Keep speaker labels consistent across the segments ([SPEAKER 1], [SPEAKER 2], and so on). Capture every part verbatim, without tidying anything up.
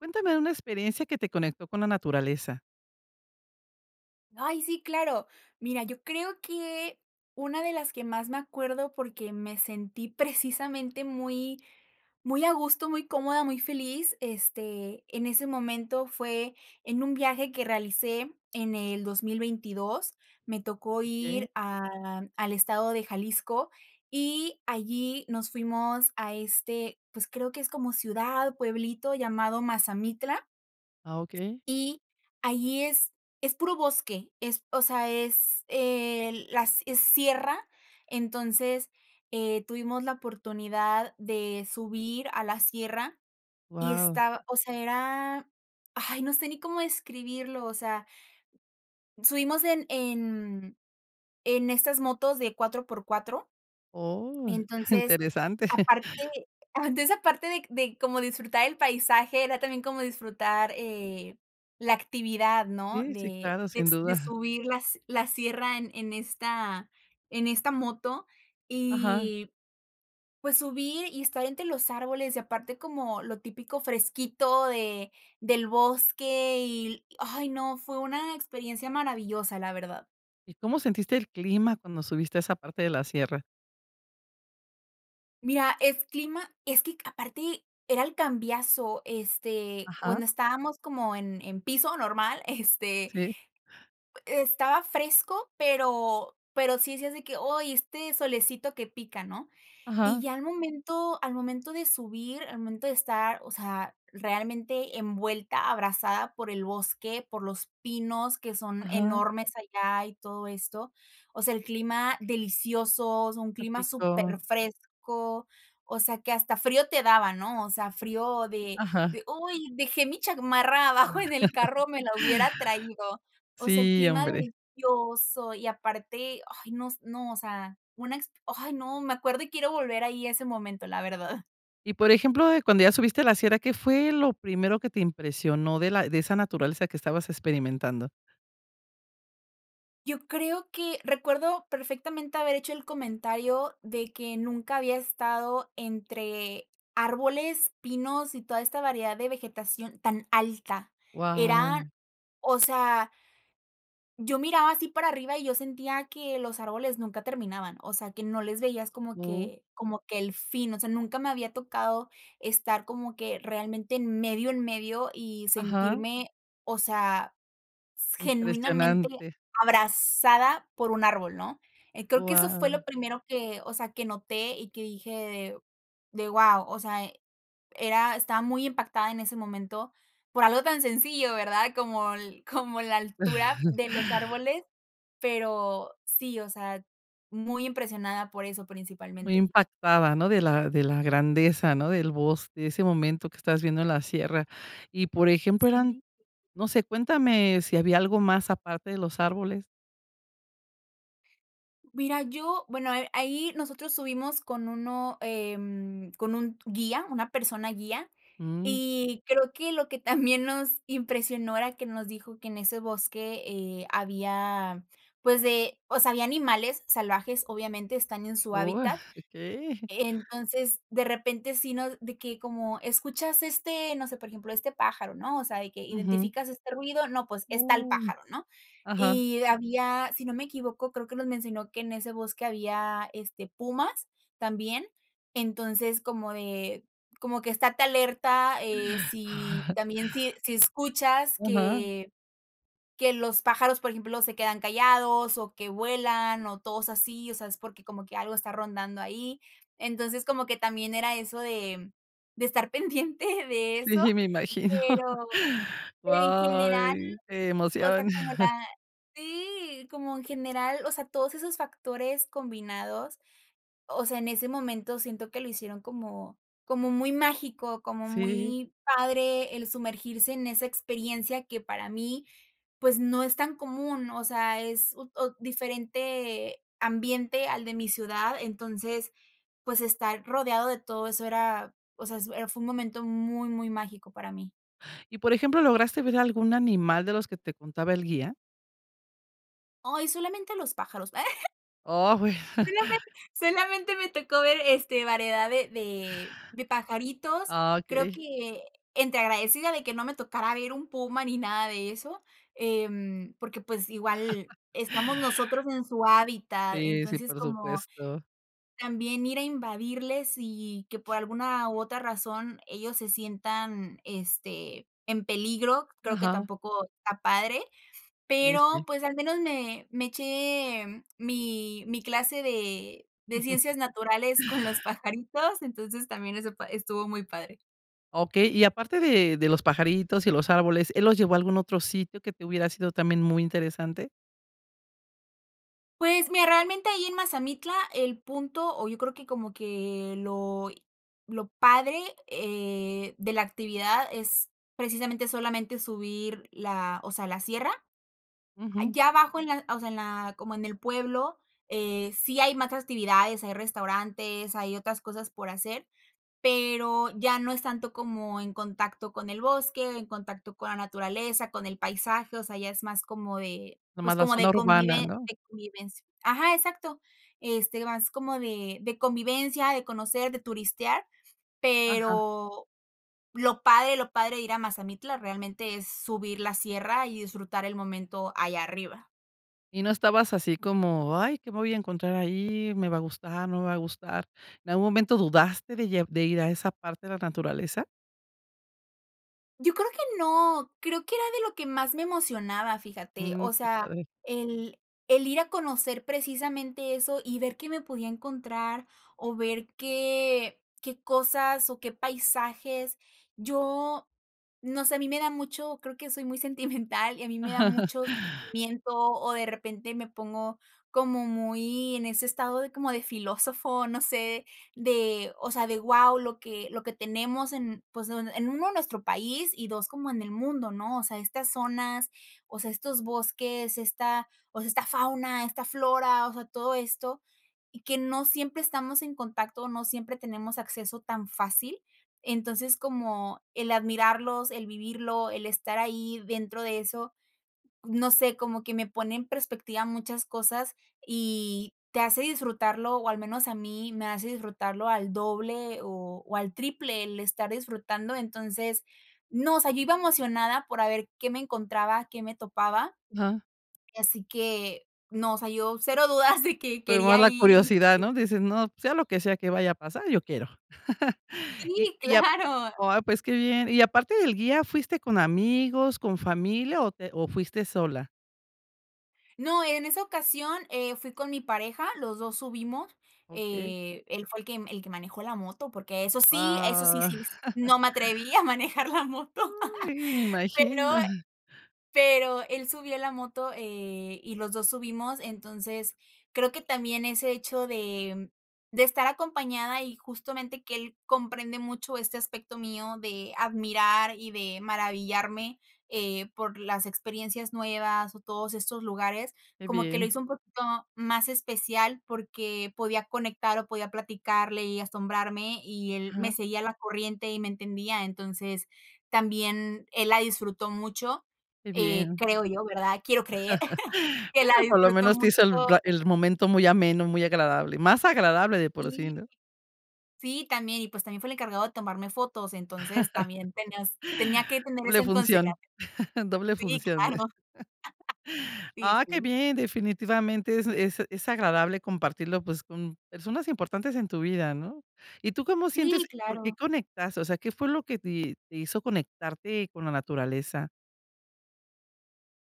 [SPEAKER 1] Cuéntame de una experiencia que te conectó con la naturaleza.
[SPEAKER 2] Ay, sí, claro. Mira, yo creo que una de las que más me acuerdo, porque me sentí, precisamente, muy muy a gusto, muy cómoda, muy feliz, este, en ese momento fue en un viaje que realicé en el dos mil veintidós. Me tocó
[SPEAKER 1] Okey.
[SPEAKER 2] ir a al estado de Jalisco, y allí nos fuimos a este, pues, creo que es como ciudad, pueblito llamado Mazamitla
[SPEAKER 1] Ah, okey.
[SPEAKER 2] y allí es es puro bosque, es o sea, es, el las, eh, sierra, entonces, eh tuvimos la oportunidad de subir a la sierra y
[SPEAKER 1] Guau.
[SPEAKER 2] estaba, o sea, era, ay, no sé ni cómo describirlo, o sea Subimos en en, mm, en estas motos de cuatro por cuatro.
[SPEAKER 1] Oh,
[SPEAKER 2] Entonces,
[SPEAKER 1] interesante.
[SPEAKER 2] aparte Ah, entonces aparte de c de como disfrutar el paisaje, era también como disfrutar, eh, la actividad, ¿no?,
[SPEAKER 1] Sí, sí,
[SPEAKER 2] de
[SPEAKER 1] claro,
[SPEAKER 2] de
[SPEAKER 1] sin
[SPEAKER 2] s de
[SPEAKER 1] duda
[SPEAKER 2] subir las la sierra en esta en esta moto
[SPEAKER 1] Ajá.
[SPEAKER 2] y pues subir y estar entre los árboles y aparte como lo típico fresquito de del bosque y l Ay, no fue una experiencia maravillosa, la verdad.
[SPEAKER 1] ¿Y cómo sentiste el clima cuando subiste a esa parte de la sierra?
[SPEAKER 2] Mira, es clima es que aparte, era el cambiazo. Este,
[SPEAKER 1] Ajá.
[SPEAKER 2] cuando estábamos como en en piso normal, este
[SPEAKER 1] Sí.
[SPEAKER 2] e-estaba fresco, pero pero sí decías de que: "Oy, este solecito que pica", ¿no? Y
[SPEAKER 1] Ajá.
[SPEAKER 2] ya al momento al momento de subir, al momento de estar, o sea, realmente, envuelta, abrazada por el bosque, por los pinos, que son
[SPEAKER 1] Ajá.
[SPEAKER 2] enormes allá, y todo esto. O sea, el clima delicioso, o sea un
[SPEAKER 1] Qué
[SPEAKER 2] clima súper
[SPEAKER 1] rico.
[SPEAKER 2] fresco, o sea, que hasta frío te daba, ¿no? O sea, frío de
[SPEAKER 1] Ajá.
[SPEAKER 2] de: "Uy, dejé mi chamarra, abajo en el carro. Me la hubiera traído". O sea, el
[SPEAKER 1] Sí,
[SPEAKER 2] clima
[SPEAKER 1] hombre.
[SPEAKER 2] delicioso. Y aparte, ay no s no, o sea, una exp Ay, no. Me acuerdo, y quiero volver ahí, a ese momento, la verdad.
[SPEAKER 1] Y, por ejemplo, de cuando ya subiste la sierra, ¿qué fue lo primero que te impresionó, de la de esa naturaleza, que estabas experimentando?
[SPEAKER 2] Yo creo que recuerdo perfectamente, haber hecho el comentario, de que nunca había estado entre árboles, pinos, y toda esta variedad de vegetación, tan alta. Eran
[SPEAKER 1] Guau.
[SPEAKER 2] o sea yo miraba así para arriba, y yo sentía que los árboles nunca terminaban. O sea, que no les veías como que como que el fin. O sea, nunca me había tocado estar como que realmente, en medio, en medio, y
[SPEAKER 1] Ajá.
[SPEAKER 2] sentirme O sea, s genuinamente,
[SPEAKER 1] Impresionante.
[SPEAKER 2] abrazada por un árbol, ¿no? Eh, creo que eso fue
[SPEAKER 1] Guau.
[SPEAKER 2] lo primero que o sea, que noté, y que dije de: "Guau". O sea, era estaba muy impactada, en ese momento, por algo tan sencillo, ¿verdad? Como l como la altura de los árboles. Pero sí, o sea, muy impresionada por eso,
[SPEAKER 1] Muy
[SPEAKER 2] principalmente.
[SPEAKER 1] impactada, ¿no? De la de la grandeza, ¿no?, del bosque. De ese momento que estabas viviendo en la sierra. Y por ejemplo, eran
[SPEAKER 2] Sí.
[SPEAKER 1] no sé. Cuéntame, si había algo más, aparte de los árboles.
[SPEAKER 2] Mira, yo bueno, eh, ahí nosotros subimos con uno em, con un guía, una persona guía,
[SPEAKER 1] Mm.
[SPEAKER 2] y creo que, lo que también nos impresionó era que nos dijo que, en ese bosque, eh, había, pues, de o sea, había animales salvajes, obviamente, están en su
[SPEAKER 1] Uy,
[SPEAKER 2] hábitat,
[SPEAKER 1] okey.
[SPEAKER 2] entonces, de repente, sí nos de que como: "¿Escuchas este, no sé, por ejemplo, este pájaro?", ¿no?, o sea, de que:
[SPEAKER 1] Ujú.
[SPEAKER 2] "¿identificas este ruido?, no, pues, es tal
[SPEAKER 1] Uh.
[SPEAKER 2] pájaro", ¿no?
[SPEAKER 1] Ajá.
[SPEAKER 2] Y había, si no me equivoco, creo que nos mencionó que en ese bosque había, este, pumas, también, entonces, como de como que estate alerta, eh, si, también si si escuchas
[SPEAKER 1] Ajá.
[SPEAKER 2] que que los pájaros, por ejemplo, se quedan callados, o que vuelan, o todos así, o sea es porque como que algo está rondando ahí, entonces, como que también era eso de de estar pendiente de eso,
[SPEAKER 1] Sí, si me imagino.
[SPEAKER 2] pero en general,
[SPEAKER 1] Guay, qué
[SPEAKER 2] o sea
[SPEAKER 1] emoción.
[SPEAKER 2] como la Sí, como en general, o sea, todos esos factores combinados, o sea, en ese momento siento que lo hicieron como como muy mágico, como
[SPEAKER 1] Sí.
[SPEAKER 2] muy padre, el sumergirse en esa experiencia que para mí, pues no es tan común, o sea, es ut ot diferente ambiente al de mi ciudad, entonces, pues, estar rodeado de todo eso era, o sea, es, eh, fue un momento muy, muy mágico, para mí.
[SPEAKER 1] Y, por ejemplo, ¿lograste ver algún animal de los que te contaba el guía?
[SPEAKER 2] Ay, solamente los pájaros.
[SPEAKER 1] Oh, bueno.
[SPEAKER 2] Solamen solamente me tocó ver, este, variedad de de de pajaritos.
[SPEAKER 1] Ah,
[SPEAKER 2] Creo
[SPEAKER 1] okey.
[SPEAKER 2] que, entré agradecida de que no me tocara ver un puma, ni nada de eso, em, porque, pues, igual estamos nosotros en su hábitat.
[SPEAKER 1] Sí, sí,
[SPEAKER 2] Entonces,
[SPEAKER 1] por
[SPEAKER 2] como
[SPEAKER 1] supuesto.
[SPEAKER 2] también ir a invadirles y y que, por alguna u otra razón, ellos se sientan, este, en peligro, creo que
[SPEAKER 1] Ajá.
[SPEAKER 2] tampoco está padre,
[SPEAKER 1] Sí,
[SPEAKER 2] pero,
[SPEAKER 1] sí.
[SPEAKER 2] pues, al menos me me eché mi mi clase de de ciencias naturales con los pajaritos, entonces también eso pa estuvo muy padre.
[SPEAKER 1] Okey. Y aparte de de los pajaritos y los árboles, ¿él los llevó a algún otro sitio que te hubiera sido también muy interesante?
[SPEAKER 2] Pues, mira, realmente ahí, en Mazamitla, el punto, o yo creo que como que lo, eh, lo padre, eh, de la actividad es, precisamente, solamente subir la, o sea, la sierra.
[SPEAKER 1] Ujú.
[SPEAKER 2] Ya abajo, en la, o sea, en la como en el pueblo, eh, sí hay más actividades, hay restaurantes, hay otras cosas por hacer, pero ya no es tanto como en contacto con el bosque, en contacto con la naturaleza, con el paisaje, o sea, ya es más como de,
[SPEAKER 1] Nada más
[SPEAKER 2] pues,
[SPEAKER 1] la
[SPEAKER 2] como
[SPEAKER 1] zona
[SPEAKER 2] de
[SPEAKER 1] urbana,
[SPEAKER 2] convive
[SPEAKER 1] ¿no?
[SPEAKER 2] de convivencia. Ajá, exacto. Este, más como de de convivencia, de conocer, de turistear,
[SPEAKER 1] Ajá.
[SPEAKER 2] pero lo padre lo padre de ir a Mazamitla, realmente, es subir la sierra y disfrutar el momento allá arriba.
[SPEAKER 1] ¿Y no estabas así como ay, qué me voy a encontrar ahí? ¿Me va a gustar, no me va a gustar? ¿En algún momento dudaste de llev de ir a esa parte de la naturaleza?
[SPEAKER 2] Yo creo que no, creo que era de lo que más me emocionaba, fíjate,
[SPEAKER 1] Mm,
[SPEAKER 2] o
[SPEAKER 1] qué
[SPEAKER 2] sea,
[SPEAKER 1] padre.
[SPEAKER 2] el el ir a conocer precisamente eso y ver qué me podía encontrar, o ver qué qué cosas o qué paisajes. Yo, no sé, a mí me da mucho, creo que soy muy sentimental y a mí me da mucho sentimiento, o de repente me pongo como muy en ese estado de como de filósofo, no sé, de, o sea, de wao, lo que lo que tenemos en, pues, en uno nuestro país y dos como en el mundo, ¿no? O sea, estas zonas, o sea, estos bosques, esta, o sea, esta fauna, esta flora, o sea, todo esto, y que no siempre estamos en contacto, no siempre tenemos acceso tan fácil. Entonces, como el admirarlos, el vivirlo, el estar ahí dentro de eso, no sé, como que me pone en perspectiva muchas cosas y te hace disfrutarlo o al menos a mí, me hace disfrutarlo al doble o o al triple el estar disfrutando, entonces, no, o sea, yo iba emocionada por a ver qué me encontraba, qué me topaba
[SPEAKER 1] Ajá.
[SPEAKER 2] y así que no, o sea, yo cero dudas de que
[SPEAKER 1] Primero
[SPEAKER 2] quería
[SPEAKER 1] la
[SPEAKER 2] ir y
[SPEAKER 1] curiosidad, ¿no? Dices, no, sea lo que sea que vaya a pasar, yo quiero. Y
[SPEAKER 2] Sí,
[SPEAKER 1] y a,
[SPEAKER 2] claro.
[SPEAKER 1] pues, ah, pues, qué bien. Y aparte del guía, ¿fuiste con amigos, con familia o te o fuiste sola?
[SPEAKER 2] No, en esa ocasión, eh, fui con mi pareja, los dos subimos,
[SPEAKER 1] Okey.
[SPEAKER 2] eh, él fue el que el que manejó la moto porque eso sí, eso sí
[SPEAKER 1] Wao.
[SPEAKER 2] sí no me atreví a manejar la moto
[SPEAKER 1] Ay, me
[SPEAKER 2] pero
[SPEAKER 1] imagino.
[SPEAKER 2] pero él subió la moto, eh, y los dos subimos, entonces, creo que también ese hecho de de estar acompañada y justamente que él comprende mucho este aspecto mío de admirar y de maravillarme, eh, por las experiencias nuevas o todos estos lugares,
[SPEAKER 1] Qué
[SPEAKER 2] como que lo
[SPEAKER 1] bien.
[SPEAKER 2] hizo un poquito más especial porque podía conectar o podía platicarle y asombrarme, y él me
[SPEAKER 1] Ah.
[SPEAKER 2] seguía la corriente y me entendía. Entonces, también él la disfrutó mucho,
[SPEAKER 1] Qué
[SPEAKER 2] eh,
[SPEAKER 1] bien.
[SPEAKER 2] creo yo ¿verdad? Quiero creer que la
[SPEAKER 1] Bueno, por lo
[SPEAKER 2] disfrutó
[SPEAKER 1] menos te hizo el
[SPEAKER 2] mucho
[SPEAKER 1] ra el momento muy ameno, muy agradable, más agradable de por sí,
[SPEAKER 2] Sí.
[SPEAKER 1] ¿no?
[SPEAKER 2] Sí también y, pues, también fue el encargado de tomarme fotos, entonces, también tenías tenía que tener eso
[SPEAKER 1] Doble
[SPEAKER 2] en consideración.
[SPEAKER 1] función doble
[SPEAKER 2] Sí
[SPEAKER 1] función.
[SPEAKER 2] claro. Sí,
[SPEAKER 1] ¡Ah, qué
[SPEAKER 2] sí.
[SPEAKER 1] bien! Definitivamente es es es agradable compartirlo, pues, con personas importantes en tu vida, ¿no? ¿Y tú cómo sientes?
[SPEAKER 2] Sí,
[SPEAKER 1] ¿Por qué
[SPEAKER 2] claro.
[SPEAKER 1] conectas? O sea, ¿qué fue lo que te te hizo conectarte con la naturaleza?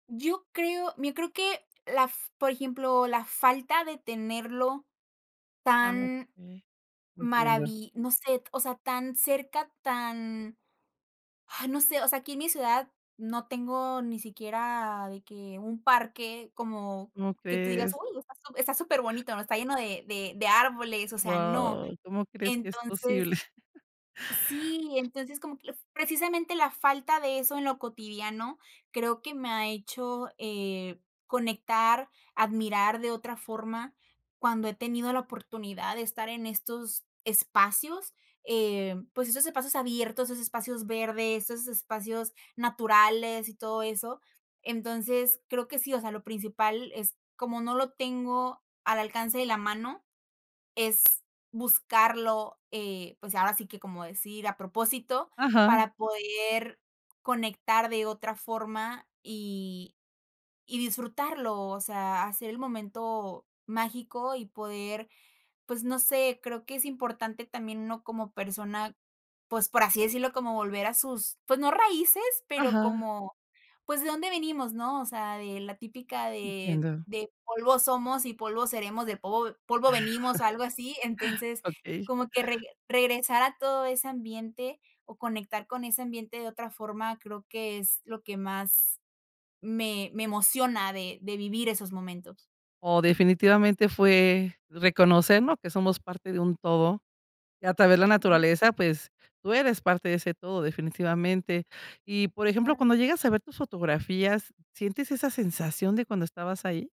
[SPEAKER 2] Yo creo mira yo creo que la f por ejemplo, la falta de tenerlo
[SPEAKER 1] Ah,
[SPEAKER 2] tan
[SPEAKER 1] okey. Entiendo.
[SPEAKER 2] maravi no sé, t o sea, tan cerca, tan, ah, no sé, o sea, aquí en mi ciudad no tengo ni siquiera de que un parque como
[SPEAKER 1] Cómo
[SPEAKER 2] que tú digas:
[SPEAKER 1] crees.
[SPEAKER 2] "Uy, está su está superbonito, ¿no? está lleno de de de árboles", o sea, no.
[SPEAKER 1] Wow, cómo crees que es
[SPEAKER 2] Entonces
[SPEAKER 1] posible.
[SPEAKER 2] Sí, entonces, como que la f precisamente la falta de eso en lo cotidiano creo que me ha hecho, eh, conectar, admirar de otra forma cuando he tenido la oportunidad de estar en estos espacios, eh, pues, esos espacios abiertos, esos espacios verdes, esos espacios naturales y todo eso. Entonces, creo que sí, o sea, lo principal es como no lo tengo al alcance de la mano, es buscarlo, eh, pues, ahora sí que como decir, a propósito,
[SPEAKER 1] Ajá.
[SPEAKER 2] para poder conectar de otra forma, y y disfrutarlo, o sea, hacer el momento mágico, y poder, pues, no sé, creo que es importante también uno como persona, pues, por así decirlo, como volver a sus, pues, no raíces, pero
[SPEAKER 1] Ajá.
[SPEAKER 2] como, pues, ¿de dónde venimos?, ¿no?, o sea, de la típica de
[SPEAKER 1] Entiendo.
[SPEAKER 2] de polvo somos y polvo seremos, de povo polvo venimos, algo así, entonces,
[SPEAKER 1] Okey.
[SPEAKER 2] como que reg regresar a todo ese ambiente o conectar con ese ambiente de otra forma creo que es lo que más me me emociona de de vivir esos momentos.
[SPEAKER 1] Oh, definitivamente fue, reconocer, ¿no?, que somos parte de un todo, y a través de la
[SPEAKER 2] Ujú.
[SPEAKER 1] naturaleza, pues, tú eres parte de ese todo definitivamente, y por ejemplo,
[SPEAKER 2] Claro.
[SPEAKER 1] cuando llegas a ver tus fotografías, ¿sientes esa sensación de cuando estabas ahí?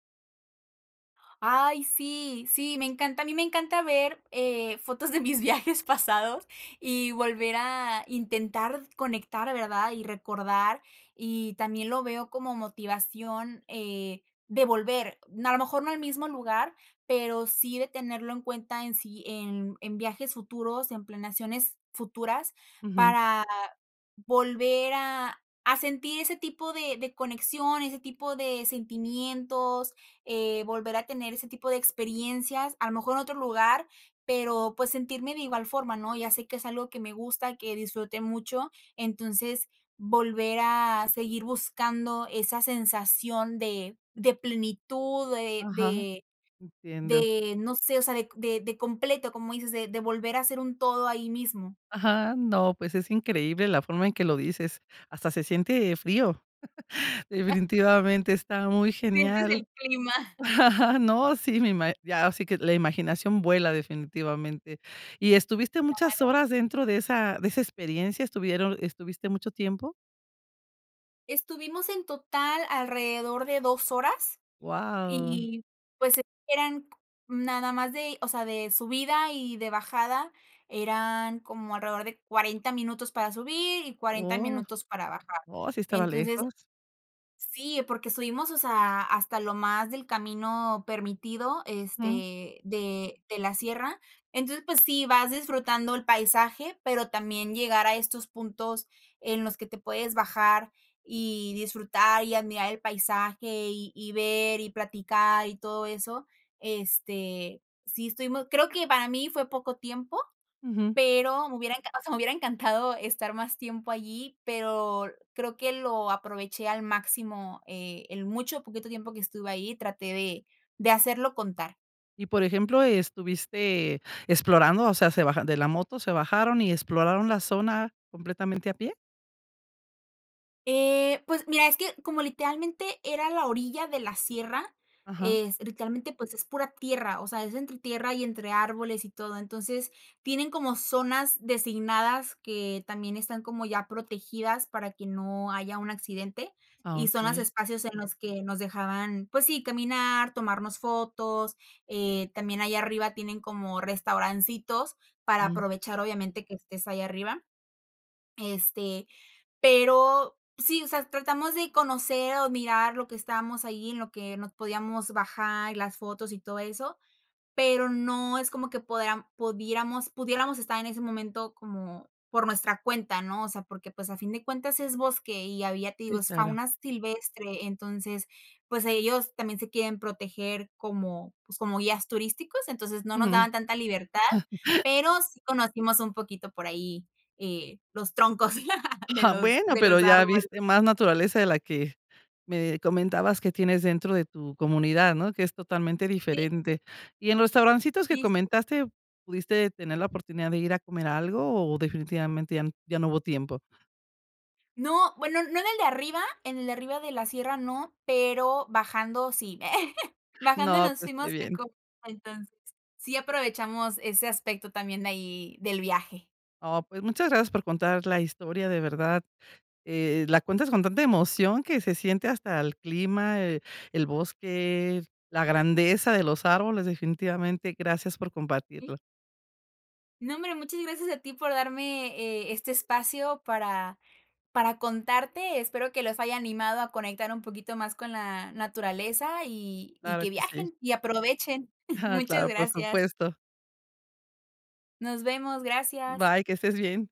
[SPEAKER 2] Ay sí, sí, me encanta, a mí me encanta ver, eh, fotos de mis viajes pasados, y volver a intentar conectar, ¿verdad?, y recordar, y también lo veo como motivación, eh, de volver, a lo mejor no al mismo lugar, pero sí de tenerlo en cuenta en sí, en en viajes futuros, en planeaciones futuras,
[SPEAKER 1] Ujú.
[SPEAKER 2] para volver a a sentir ese tipo de de conexión, ese tipo de sentimientos, eh, volver a tener ese tipo de experiencias, a lo mejor en otro lugar, pero, pues sentirme de igual forma, ¿no?, ya sé que es algo que me gusta, que disfruté mucho, entonces, volver a seguir buscando esa sensación de de plenitud de
[SPEAKER 1] Ajá,
[SPEAKER 2] de
[SPEAKER 1] entiendo.
[SPEAKER 2] de no sé, o sea, de de completo, como dices, de de volver a hacer un todo ahí mismo.
[SPEAKER 1] Ajá, no, pues, es increíble la forma en que lo dices, hasta se siente frío,
[SPEAKER 2] Eh
[SPEAKER 1] definitivamente está muy
[SPEAKER 2] Sientes
[SPEAKER 1] genial,
[SPEAKER 2] el clima.
[SPEAKER 1] no, sí, me ima ya, sí que la imaginación vuela, definitivamente, ¿y estuviste muchas
[SPEAKER 2] Claro.
[SPEAKER 1] horas dentro de esa de esa experiencia, estuvieron estuviste mucho tiempo?
[SPEAKER 2] Estuvimos en total alrededor de dos horas
[SPEAKER 1] Guau.
[SPEAKER 2] y, pues, eran co nada más de, o sea, de subida y de bajada, eran como alrededor de cuarenta minutos para subir y cuarenta
[SPEAKER 1] Oh,
[SPEAKER 2] minutos para bajar,
[SPEAKER 1] oh, sí estaba
[SPEAKER 2] entonces
[SPEAKER 1] lejos.
[SPEAKER 2] Sí, porque subimos, o sea, hasta lo más del camino permitido,
[SPEAKER 1] Mm.
[SPEAKER 2] este, de de la sierra. Entonces, pues, sí, vas disfrutando el paisaje, pero también llegar a estos puntos en los que te puedes bajar y disfrutar y admirar el paisaje, y y ver y platicar y todo eso. Este, sí estuvimos creo que para mí fue poco tiempo,
[SPEAKER 1] Ujú.
[SPEAKER 2] pero me hubiera encan o sea, me hubiera encantado estar más tiempo allí, pero creo que lo aproveché al máximo, eh, el mucho o poquito tiempo que estuve ahí, traté de de hacerlo contar.
[SPEAKER 1] Y por ejemplo, ¿estuviste explorando, o sea, se bajan de la moto, se bajaron y exploraron la zona completamente a pie?
[SPEAKER 2] Eh, pues, mira, es que como, literalmente, era la orilla de la sierra,
[SPEAKER 1] Ajá.
[SPEAKER 2] es literalmente, pues, es pura tierra, o sea, es entre tierra y entre árboles y todo, entonces, tienen como zonas designadas que también están como ya protegidas para que no haya un accidente
[SPEAKER 1] Ah,
[SPEAKER 2] y son los
[SPEAKER 1] okey.
[SPEAKER 2] espacios en los que nos dejaban, pues, sí, caminar, tomarnos fotos, eh, también allá arriba tienen como restaurancitos para
[SPEAKER 1] Ujú.
[SPEAKER 2] aprovechar, obviamente, que estés ahí arriba. Este, pero, sí, o sea, tratamos de conocer o mirar lo que estamos ahí en lo que nos podíamos bajar y las fotos y todo eso, pero no es como que podeam pudiéramos pudiéramos estar en ese momento como por nuestra cuenta, ¿no? O sea, porque, pues, a fin de cuentas, es bosque y había, te digo,
[SPEAKER 1] Sí,
[SPEAKER 2] es
[SPEAKER 1] claro.
[SPEAKER 2] fauna silvestre, entonces, pues, ahí ellos también se quieren proteger como, pues, como guías turísticos, entonces no nos
[SPEAKER 1] Ujú.
[SPEAKER 2] daban tanta libertad, pero sí conocimos un poquito por ahí, eh, los troncos de los
[SPEAKER 1] Bueno,
[SPEAKER 2] de
[SPEAKER 1] pero
[SPEAKER 2] los
[SPEAKER 1] ya
[SPEAKER 2] árboles.
[SPEAKER 1] viste más naturaleza de la que me comentabas que tienes dentro de tu comunidad, ¿no?, que es totalmente
[SPEAKER 2] Sí.
[SPEAKER 1] diferente. ¿Y en los restaurancitos que
[SPEAKER 2] Y sí
[SPEAKER 1] comentaste, pudiste tener la oportunidad de ir a comer algo o, definitivamente, ya no ya no hubo tiempo?
[SPEAKER 2] No, bueno, no en el de arriba, en el de arriba de la sierra, no, pero bajando, sí, bajando
[SPEAKER 1] No,
[SPEAKER 2] nos
[SPEAKER 1] pues, que
[SPEAKER 2] fuimos a
[SPEAKER 1] bien.
[SPEAKER 2] co entonces, sí aprovechamos ese aspecto también de ahí del viaje.
[SPEAKER 1] Oh, pues, muchas gracias por contar la historia, de verdad, eh, la cuentas con tanta emoción que se siente hasta el clima, eh, el bosque, la grandeza de los árboles, definitivamente, gracias por
[SPEAKER 2] Sí.
[SPEAKER 1] compartirlo.
[SPEAKER 2] No, hombre, muchas gracias a ti por darme, eh, este espacio para para contarte, espero que los haya animado a conectar un poquito más con la naturaleza y y
[SPEAKER 1] Claro
[SPEAKER 2] que
[SPEAKER 1] que sí.
[SPEAKER 2] viajen y aprovechen, muchas
[SPEAKER 1] Claro, por
[SPEAKER 2] gracias.
[SPEAKER 1] supuesto.
[SPEAKER 2] Nos vemos, gracias.
[SPEAKER 1] Bye, que estés bien.